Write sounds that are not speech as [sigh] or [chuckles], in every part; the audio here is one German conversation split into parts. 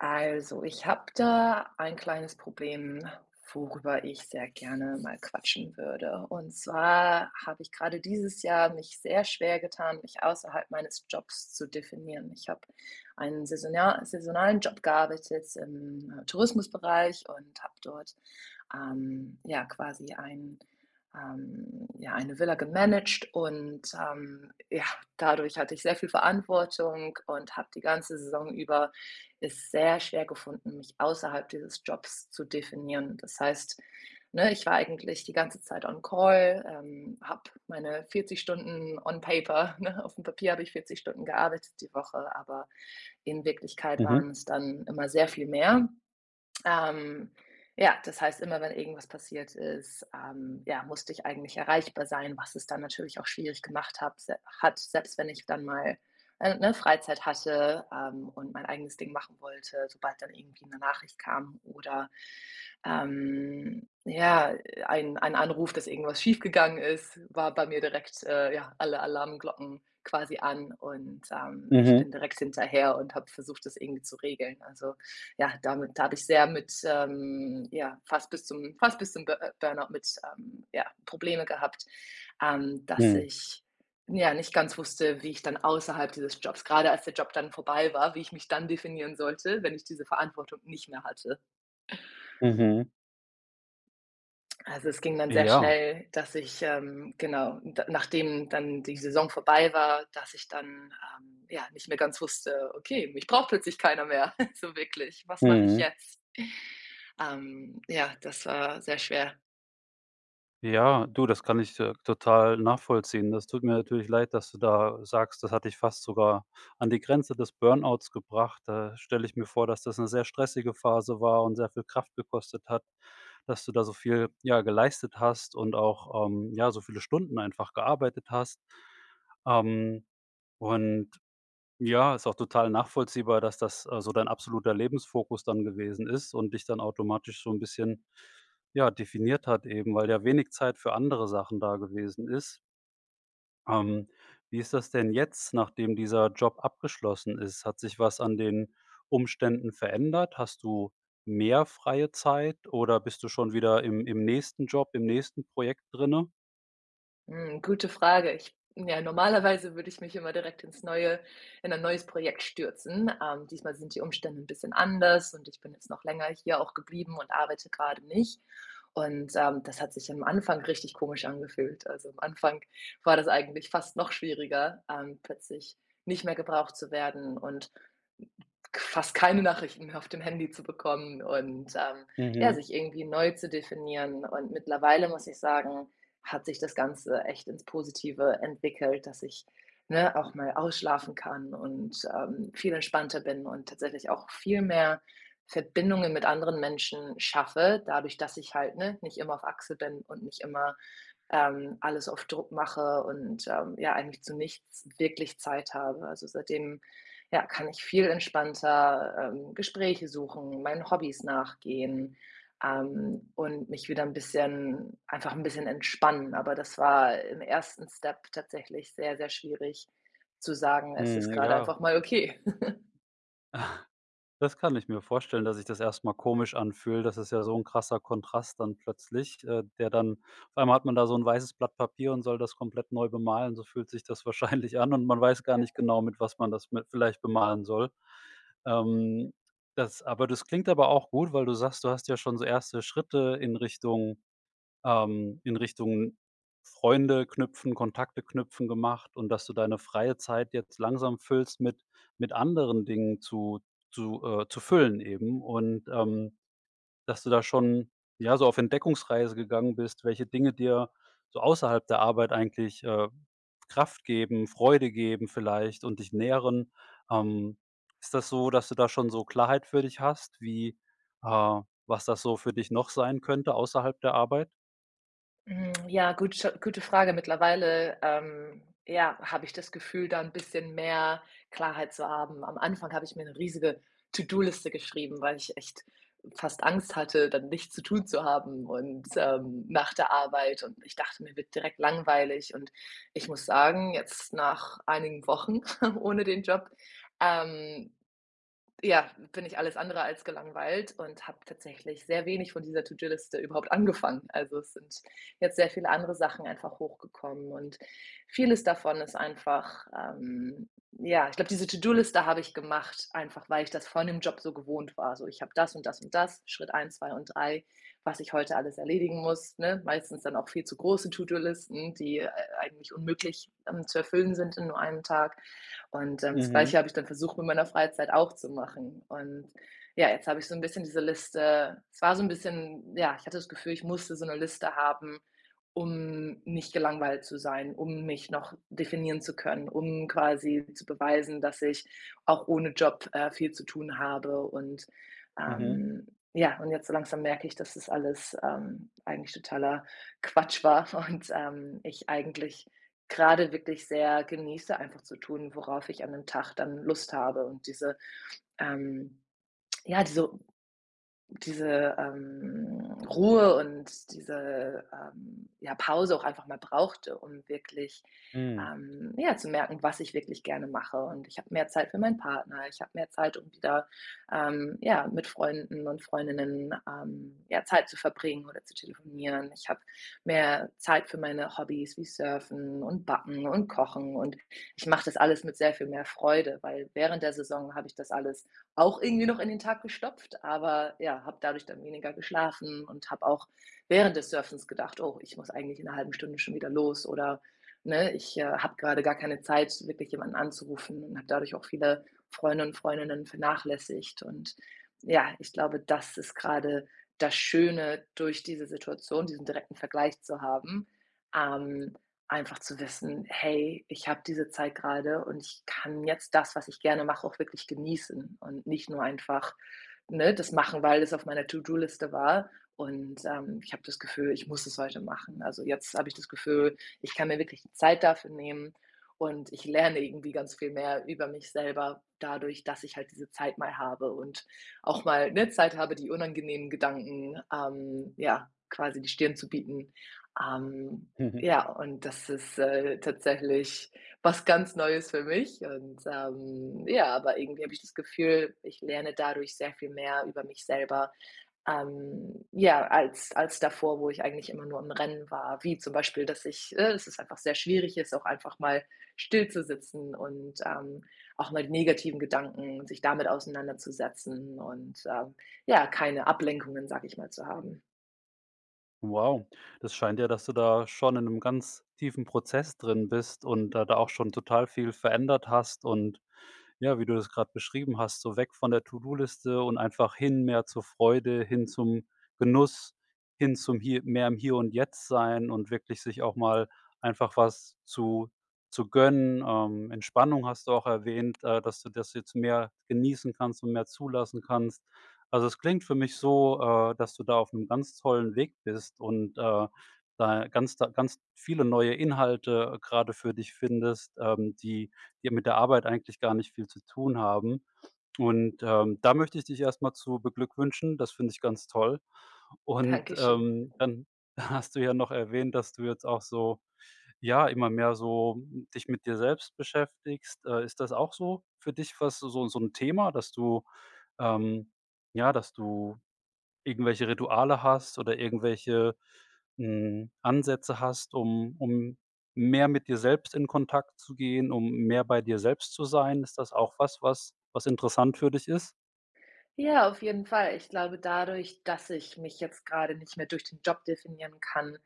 Also, ich habe da ein kleines Problem, worüber ich sehr gerne mal quatschen würde. Und zwar habe ich grade dieses Jahr mich sehr schwer getan, mich außerhalb meines Jobs zu definieren. Ich habe einen saisonal saisonalen Job gearbeitet, im, äh, Tourismusbereich und habe dort, ähm, ja, quasi ein, ähm ja, eine Villa gemanagt. Und, ähm, ja, dadurch hatte ich sehr viel Verantwortung und habe die ganze Saison über es sehr schwer gefunden, mich außerhalb dieses Jobs zu definieren. Das heißt, ne, ich war eigentlich die ganze Zeit on Call, ähm, habe meine 40 Stunden on paper, ne, auf 'm Papier habe ich 40 Stunden gearbeitet die Woche, aber in Wirklichkeit Mhm. waren's dann immer sehr viel mehr. Ähm, ja, das heißt, immer wenn irgendwas passiert ist, ähm, ja, musste ich eigentlich erreichbar sein, was es dann natürlich auch schwierig gemacht habe s hat, selbst wenn ich dann mal, äh, ne, Freizeit hatte, ähm, und mein eigenes Ding machen wollte. Sobald dann irgendwie 'ne Nachricht kam oder, ähm, ja, ein ein Anruf, dass irgendwas schief gegangen ist, war bei mir direkt, äh, ja, alle Alarmglocken quasi an. Und, ähm, ich Mhm. bin direkt hinterher und habe versucht, das irgendwie zu regeln. Also, ja, damit da habe ich sehr mit, ähm ja, fast bis zum fast bis zum Bur Burnout mit, ähm, ja, Probleme gehabt, ähm, dass Mhm. ich, n ja, nicht ganz wusste, wie ich dann außerhalb dieses Jobs gerade als der Job dann vorbei war, wie ich mich dann definieren sollte, wenn ich diese Verantwortung nicht mehr hatte. Mhm. Also, es ging dann sehr Ja. schnell, dass ich, ähm genau, d nachdem dann die Saison vorbei war, dass ich dann, ähm, ja, nicht mehr ganz wusste: „Okay, mich braucht plötzlich keiner mehr, [chuckles] so wirklich, was mache ich Mhm. jetzt?“ Ähm. Ja, das war sehr schwer. Ja, du, das kann ich, äh, total nachvollziehen. Das tut mir natürlich leid, dass du da sagst, das hat dich „fast sogar an die Grenze des Burnouts gebracht“. Da stelle ich mir vor, dass das 'ne sehr stressige Phase war und sehr viel Kraft gekostet hat, dass du da so viel, ja, geleistet hast und auch, ähm, ja, so viele Stunden einfach gearbeitet hast. Ähm. Und, ja, ist auch total nachvollziehbar, das, dass, äh, so dein absoluter Lebensfokus dann gewesen ist und dich dann automatisch so 'n bisschen, ja, definiert hat eben, weil ja wenig Zeit für andere Sachen da gewesen ist. Ähm. Wie ist das denn jetzt, nachdem dieser Job abgeschlossen ist? Hat sich was an den Umständen verändert? Hast du mehr freie Zeit oder bist du schon wieder im im nächsten Job, im nächsten Projekt drinne? Hm, gute Frage. Ich ja, normalerweise würde ich mich immer direkt ins neue in ein neues Projekt stürzen. Ähm, diesmal sind die Umständen 'n bisschen anders und ich bin jetzt noch länger hier auch geblieben und arbeite grade nicht und, ähm, das hat sich am Anfang richtig komisch angefühlt. Also, am Anfang war das eigentlich fast noch schwieriger, ähm, plötzlich nicht mehr gebraucht zu werden und k fast keine Nachrichten mehr auf dem Handy zu bekommen und, ähm ja, Mhm. sich irgendwie neu zu definieren. Und mittlerweile muss ich sagen, hat sich das Ganze echt ins Positive entwickelt, dass ich, ne, auch mal ausschlafen kann und, ähm, viel entspannter bin und tatsächlich auch viel mehr Verbindungen mit anderen Menschen schaffe, dadurch, dass ich halt, ne, nicht immer auf Achse bin und nicht immer, ähm, alles auf Druck mache und, ähm, ja, eigentlich zu nichts wirklich Zeit habe. Also, seitdem, ja, kann ich viel entspannter, ähm, Gespräche suchen, meinen Hobbys nachgehen, ähm, und mich wieder 'n bisschen, einfach 'n bisschen entspannen, aber das war im ersten Step tatsächlich sehr, sehr schwierig zu sagen: „Es ist Mhm. grade Ja. einfach mal okay“. [chuckles] Ach, das kann ich mir vorstellen, dass sich das erst mal komisch anfühlt. Das ist ja so 'n krasser Kontrast dann plötzlich, äh, der dann auf einmal hat man da so 'n weißes Blatt Papier und soll das komplett neu bemalen. So fühlt sich das wahrscheinlich an und man weiß gar nicht genau, [unintelligible] mit was man das mit vielleicht bemalen soll. Ähm, das aber das klingt aber auch gut, weil du sagst, du hast ja schon so erste Schritte in Richtung, ähm in Richtung Freunde knüpfen, Kontakte knüpfen gemacht und dass du deine freie Zeit jetzt langsam füllst mit mit anderen Dingen zu zu, äh zu füllen eben. Und, ähm, dass du da schon, ja, so auf Entdeckungsreise gegangen bist, welche Dinge dir so außerhalb der Arbeit eigentlich, äh, Kraft geben, Freude geben vielleicht und dich nähren. Ähm, ist das so, dass du da schon so Klarheit für dich hast, wie, äh was das so für dich noch sein könnte außerhalb der Arbeit? Hm, ja, gute gute Frage. Mittlerweile, ähm, ja, habe ich das Gefühl, da 'n bisschen mehr Klarheit zu haben. Am Anfang habe ich mir 'ne riesige To-do-Liste geschrieben, weil ich echt fast Angst hatte, dann nichts zu tun zu haben und, ähm nach der Arbeit und ich dachte, mir wird direkt langweilig und ich muss sagen, jetzt nach einigen Wochen [giggles] ohne den Job, ähm, ja, bin ich alles andere als gelangweilt und habe tatsächlich sehr wenig von dieser To-do-Liste überhaupt angefangen. Also, es sind jetzt sehr viele andere Sachen einfach hochgekommen und vieles davon ist einfach, ähm ja, ich glaube, diese To-do-Liste habe ich gemacht, einfach weil ich das von dem Job so gewohnt war. So, ich habe das und das und das, Schritt 1, 2 und 3, was ich heute alles erledigen muss, ne? Meistens dann auch viel zu große To-do ´-Listen, die, äh, äh, eigentlich unmöglich, ähm, zu erfüllen sind in nur 1 Tag. Und, ähm, das Gleiche Mhm. habe ich dann versucht in meiner Freizeit auch zu machen. Und ja, jetzt habe ich so 'n bisschen diese Liste es war so 'n bisschen ja, ich hatte das Gefühl, ich musste so 'ne Liste haben, um nicht gelangweilt zu sein, um mich noch definieren zu können, um quasi zu beweisen, dass ich auch ohne Job, äh, viel zu tun habe und, Mhm. ähm, ja. Und jetzt so langsam merke ich, das ist alles, ähm, eigentlich totaler Quatsch war und, ähm, ich eigentlich grade wirklich sehr genieße, einfach zu tun, worauf ich an 'nem Tag dann Lust habe und diese, ähm ja, diese diese, ähm, Ruhe und diese, ähm, ja, Pause auch einfach mal brauchte, um wirklich, Hm. ähm, ja, zu merken, was ich wirklich gerne mache. Und ich habe mehr Zeit für meinen Partner. Ich habe mehr Zeit um wieder, ähm, ja, mit Freunden und Freundinnen, ähm, ja, Zeit zu verbringen oder zu telefonieren. Ich habe mehr Zeit für meine Hobbys, wie Surfen und Backen und Kochen und ich mache das alles mit sehr viel mehr Freude, weil während der Saison habe ich das alles auch irgendwie noch in den Tag gestopft, aber ja, habe dadurch dann weniger geschlafen und habe auch während des Surfens gedacht: „Oh, ich muss eigentlich in 'ner 1/2 Stunde schon wieder los,“ oder ne, ich, äh, habe grade gar keine Zeit, wirklich jemanden anzurufen und habe dadurch auch viele Freunde und Freundinnen vernachlässigt. Und ja, ich glaube, das ist grade das Schöne durch diese Situation diesen direkten Vergleich zu haben, ähm, einfach zu wissen: „Hey, ich habe diese Zeit gerade und ich kann jetzt das, was ich gerne mache, auch wirklich genießen.“ Und nicht nur einfach, ne, das machen, weil das auf meiner To-do-Liste war. Und, ähm, ich habe das Gefühl, ich muss es heute machen. Also, jetzt habe ich das Gefühl, ich kann mir wirklich die Zeit dafür nehmen und ich lerne irgendwie ganz viel mehr über mich selber dadurch, dass ich halt diese Zeit mal habe und auch mal, ne, Zeit habe, die unangenehmen Gedanken, ähm, ja, quasi die Stirn zu bieten. Ähm, [chuckles] ja, und das ist, äh, tatsächlich, was ganz Neues für mich und, ähm ja, aber irgendwie habe ich das Gefühl, ich lerne dadurch sehr viel mehr über mich selber, ähm, ja, als als davor, wo ich eigentlich immer nur am Rennen war. Wie zum Beispiel, dass ich äh, es ist einfach sehr schwierig jetzt, auch einfach mal stillzusitzen und, ähm, auch mal die negativen Gedanken, sich damit auseinanderzusetzen und, äh, ja, keine Ablenkungen, sage ich mal, zu haben. Wow, das scheint ja, dass du da schon in ‘nem ganz tiefen Prozess drin bist und da da auch schon total viel verändert hast und ja, wie du das grad beschrieben hast, so weg von der ToDo-Liste und einfach hin mehr zur Freude, hin zum Genuss, hin zum hier mehr im Hier und Jetzt sein und wirklich sich auch mal einfach was zu zu gönnen. Ähm, Entspannung hast du auch erwähnt, äh, dass du das jetzt mehr genießen kannst und mehr zulassen kannst. Also, es klingt für mich so, äh, dass du da aufm ganz tollen Weg bist und, äh, da ganz da ganz viele neue Inhalte grade für dich findest, ähm, die die mit der Arbeit eigentlich gar nicht viel zu tun haben. Und, ähm, da möchte ich dich erst mal zu beglückwünschen. Das finde ich ganz toll und, Dankeschön. ähm, dann hast du ja noch erwähnt, dass du jetzt auch so, ja, immer mehr so, hm, dich mit dir selbst beschäftigst. Äh, ist das auch so für dich, was du so so ‘n Thema, dass du, ähm, ja dass du irgendwelche Rituale hast oder irgendwelche, hm, Ansätze hast, um um mehr mit dir selbst in Kontakt zu gehen, um mehr bei dir selbst zu sein? Ist das auch was, was was interessant für dich ist? Ja, auf jeden Fall. Ich glaube dadurch, dass ich mich jetzt grade nicht mehr durch den Job definieren kann,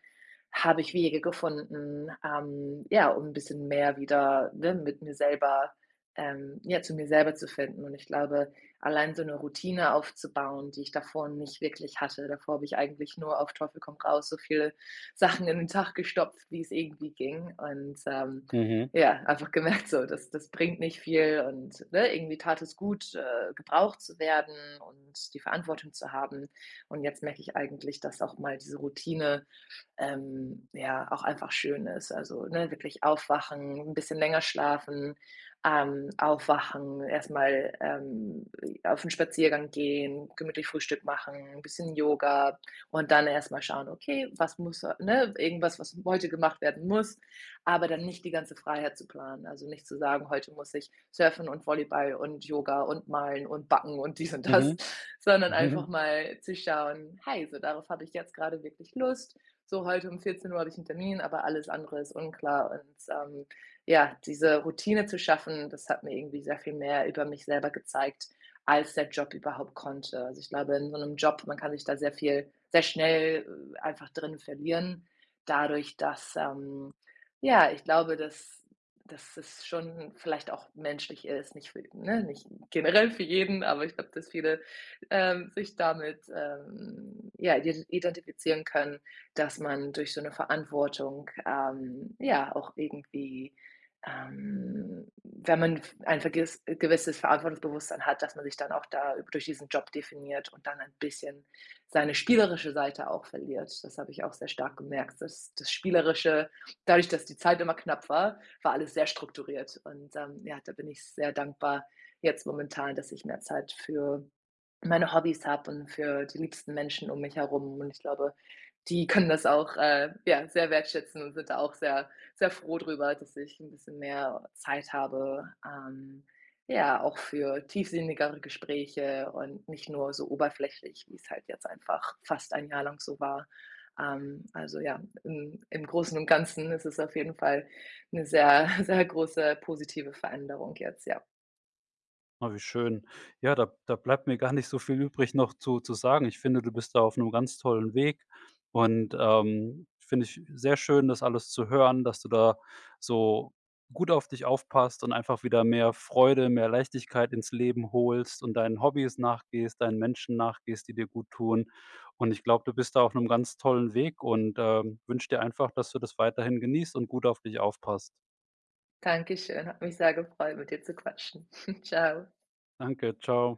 habe ich Wege gefunden, ähm, ja, um ‘n bisschen mehr wieder, ne, mit mir selber, ähm ja, zu mir selber zu finden und ich glaube, allein so ‘ne Routine aufzubauen, die ich davor nicht wirklich hatte, davor habe ich eigentlich nur auf Teufel komm raus, so viele Sachen in den Tag gestopft, wie's irgendwie ging. Und, ähm, Mhm. ja, einfach gemerkt so, das das bringt nicht viel und, ne, irgendwie tat es gut, äh, gebraucht zu werden und die Verantwortung zu haben und jetzt merke ich eigentlich, dass auch mal diese Routine, ähm, ja, auch einfach schön ist. Also, ne, wirklich aufwachen, ‘n bisschen länger schlafen, ähm, aufwachen, erst mal, ähm, e auf ‘n Spaziergang gehen, gemütlich Frühstück machen, ‘n bisschen Yoga und dann erst mal schauen: „Okay, was muss a“ ne, irgendwas, was heute gemacht werden muss, aber dann nicht die ganze Freiheit zu planen. Also, nicht zu sagen: „Heute muss ich surfen und Volleyball und Yoga und malen und backen und dies und das.“, Mhm. sondern einfach [chuckles] mal zu schauen: ”Hey, so darauf habe ich jetzt grade wirklich Lust. So, heute um 14:00 habe ich 'n Termin, aber alles andere ist unklar.“ und, ähm ja, diese Routine zu schaffen, das hat mir irgendwie sehr viel mehr über mich selber gezeigt, als der Job überhaupt konnte. Also, ich glaube, in so ‘nem Job man kann sich da sehr viel sehr schnell, äh, einfach drinnen verlieren, dadurch, dass ähm ja, ich glaube, dass dass es schon vielleicht auch menschlich ist, nicht für ne, nicht generell für jeden, aber ich glaube, dass viele, ähm, sich damit, ähm, ja, ide identifizieren können, dass man durch so ‘ne Verantwortung, ähm, ja, auch irgendwie, ähm, wenn man f ein vergiss ein gewisses Verantwortungsbewusstsein hat, dass man sich dann auch da durch diesen Job definiert und dann ein bisschen seine spielerische Seite auch verliert. Das habe ich auch sehr stark gemerkt. Das das Spielerische dadurch, dass die Zeit immer knapp war, war alles sehr strukturiert. Und, ähm, ja, da bin ich sehr dankbar jetzt momentan, dass ich mehr Zeit für meine Hobbys habe und für die liebsten Menschen um mich herum und ich glaube, die können das auch, äh, ja, sehr wertschätzen und sind da auch sehr, sehr froh drüber, dass ich ‘n bisschen mehr Zeit habe. Ähm, ja, auch für tiefsinnigere Gespräche und nicht nur so oberflächlich, wie's halt jetzt einfach fast ein Jahr lang so war. Ähm, also ja, im im Großen und Ganzen ist es auf jeden Fall ‘ne sehr, [chuckles] sehr große positive Veränderung jetzt, ja. Oh, wie schön. Ja, da da bleibt mir gar nicht so viel übrig noch zu zu sagen. Ich finde, du bist da auf ‘nem ganz tollen Weg und, ähm, finde ich sehr schön, das alles zu hören, dass du da so gut auf dich aufpasst und einfach wieder mehr Freude, mehr Leichtigkeit ins Leben holst und deinen Hobbys nachgehst, deinen Menschen nachgehst, die dir gut tun. Und, ich glaube, du bist da auf ‘nem ganz tollen Weg und, ähm, wünsche dir einfach, dass du das weiterhin genießt und gut auf dich aufpasst. Dankeschön, hat mich sehr gefreut mit dir zu quatschen. [chuckles] Tschau. Danke, tschau.